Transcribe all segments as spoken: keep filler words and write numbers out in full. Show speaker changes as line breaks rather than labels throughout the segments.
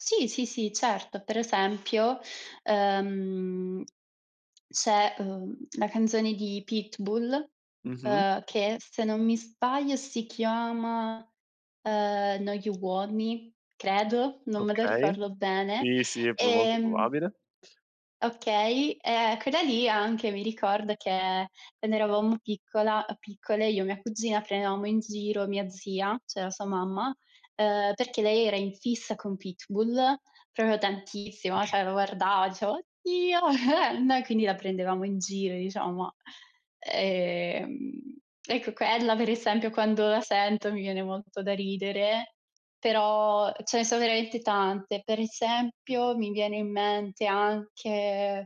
Sì, sì, sì, certo. Per esempio, ehm, c'è, ehm, la canzone di Pitbull,
Mh-mh.
ehm, che, se non mi sbaglio, si chiama, ehm, No you want me, credo, non me la
Okay.
ricordo bene,
Sì, sì, è più molto
ehm
probabile.
Okay, ehm, quella lì anche mi ricorda che quando eravamo piccola piccole, io e mia cugina prendevamo in giro mia zia, ceh la sua mamma, ehm, perché lei era in fissa con Pitbull, propio tantissimo, ceh lo guardava, diceva: "Oddio!" Noi quindi la prendevamo in giro, diciamo. Ehm, ecco quella per esempio, quando la sento, mi viene molto da ridere, però ce ne sono veramente tante. Per esempio, mi viene in mente anche,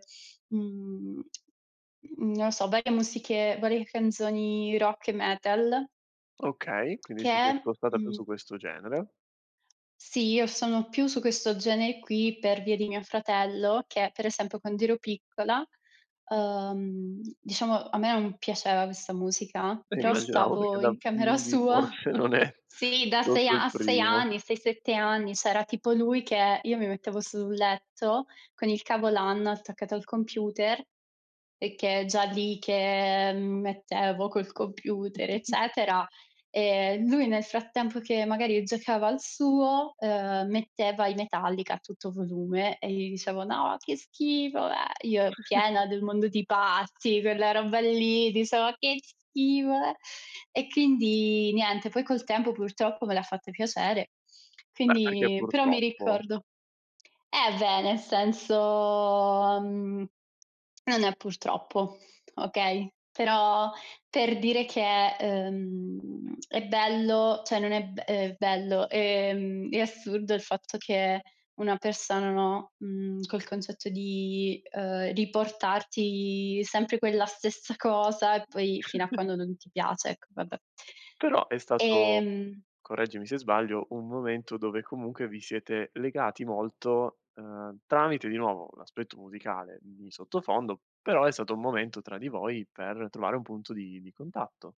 mhmm, non so, varie musiche varie canzoni rock e metal
Okay, quindi ti sei
che,
spostata più su
mhmm
questo genere.
Sì, io sono più su questo genere qui per via di mio fratello che, per esempio, quando ero piccola, uhm, diciamo, a me non piaceva questa musica, però
Immaginavo perché
stavo
da
in camera
bimbi
sua.
forse non è
Sì, da sei
propio il
a a sei
primo.
anni, sei, sette anni s'era tipo lui che io mi mettevo sul letto, con il cavo Lan attaccato al computer, e che già lì che mi mettevo col computer, eccetera, ehm, lui nel frattempo, che magari giocava al suo, ehm, metteva i metallica a tutto volume e gli dicevo: "No, che schifo, bleah!" Io piena del mondo di Patty, quella roba lì, dicevo: "Che schifo, le." E chindi niente, poi col tempo purtroppo me l'ha fatto piacere;
Beh, perché
quindi però mi
purtroppo?
ricordo eh, beh, nel senso, mhmm, non è purtroppo, okay, però per dire che, ehm, è bello ceh non è be ehm, bello, ehm, è assurdo il fatto che una persona. no, mhmm, col concetto di, uhm, riportarti sempre quella stessa cosa e poi, fino a quando non ti piace, ecco, vabbè.
Però è stato,
Ehm
correggimi se sbaglio, un momento dove comunque vi siete legati molto, uhm, tramite di nuovo l'aspetto musicale di sottofondo, però è stato un momento, tra di voi, per trovare un punto di di contatto.